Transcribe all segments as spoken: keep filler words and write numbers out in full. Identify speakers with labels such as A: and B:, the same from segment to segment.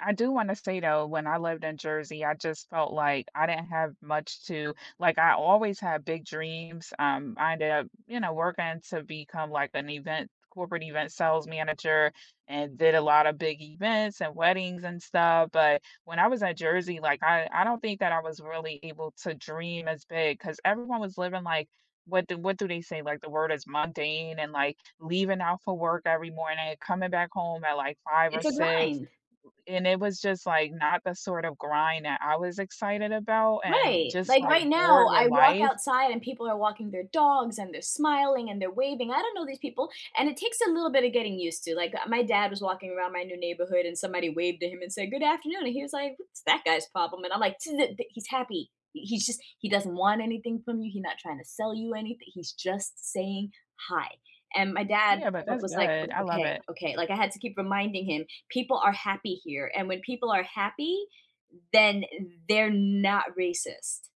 A: I do wanna say though, when I lived in Jersey, I just felt like I didn't have much to like, I always had big dreams, um, I ended up, you know, working to become, like, an event corporate event sales manager, and did a lot of big events and weddings and stuff, but when I was at Jersey, like, I I don't think that I was really able to dream as big 'cause everyone was living, like, what do what do they say, like, the word is mundane and, like, leaving out for work every morning, coming back home at, like, five or
B: It's a
A: six,
B: grind.
A: and it was just, like, not the sort of grind that I was excited about and
B: Right,
A: just,
B: like,
A: like,
B: right now,
A: bored with
B: I walk
A: life.
B: outside and people are walking their dogs and they're smiling and they're waving- I don't know these people- and it takes a little bit of getting used to, like, uh, my dad was walking around my new neighborhood, and somebody waved at him and said, "Good afternoon." And he was like, "What's that guy's problem?" And I'm like, "To the the He's happy, he he's just he doesn't want anything from you, he not trying to sell you anything, he's just saying hi." And my dad
A: Yeah, but
B: wa
A: that's
B: was like, "O
A: good, I love
B: okay,
A: it.
B: okay." Like, I had to keep reminding him, people are happy here and when people are happy, then they're not racist.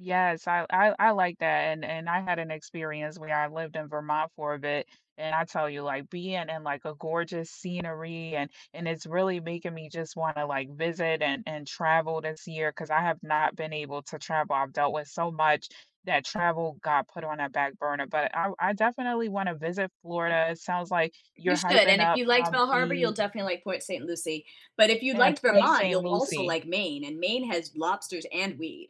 A: Yes, I I I like that, and and I had an experience where I lived in Vermont for a bit, and I tell you, like, being in, like, a gorgeous scenery, and and it's really making me just want to, like, visit and and travel this year 'cause I have not been able to travel, I've dealt with so much that travel got put on a back burner, but I I definitely wanna visit
B: N
A: Florida, it sounds like
B: You
A: you're
B: should,
A: hyping
B: and if
A: up
B: you liked
A: Palm
B: Bell Harbor, you'll
A: Beach
B: definitely like Port Saint Lucie, but if you
A: and
B: liked
A: place
B: Vermont,
A: Saint
B: you'll also
A: Lucie.
B: like Maine, and Maine has lobsters and weed.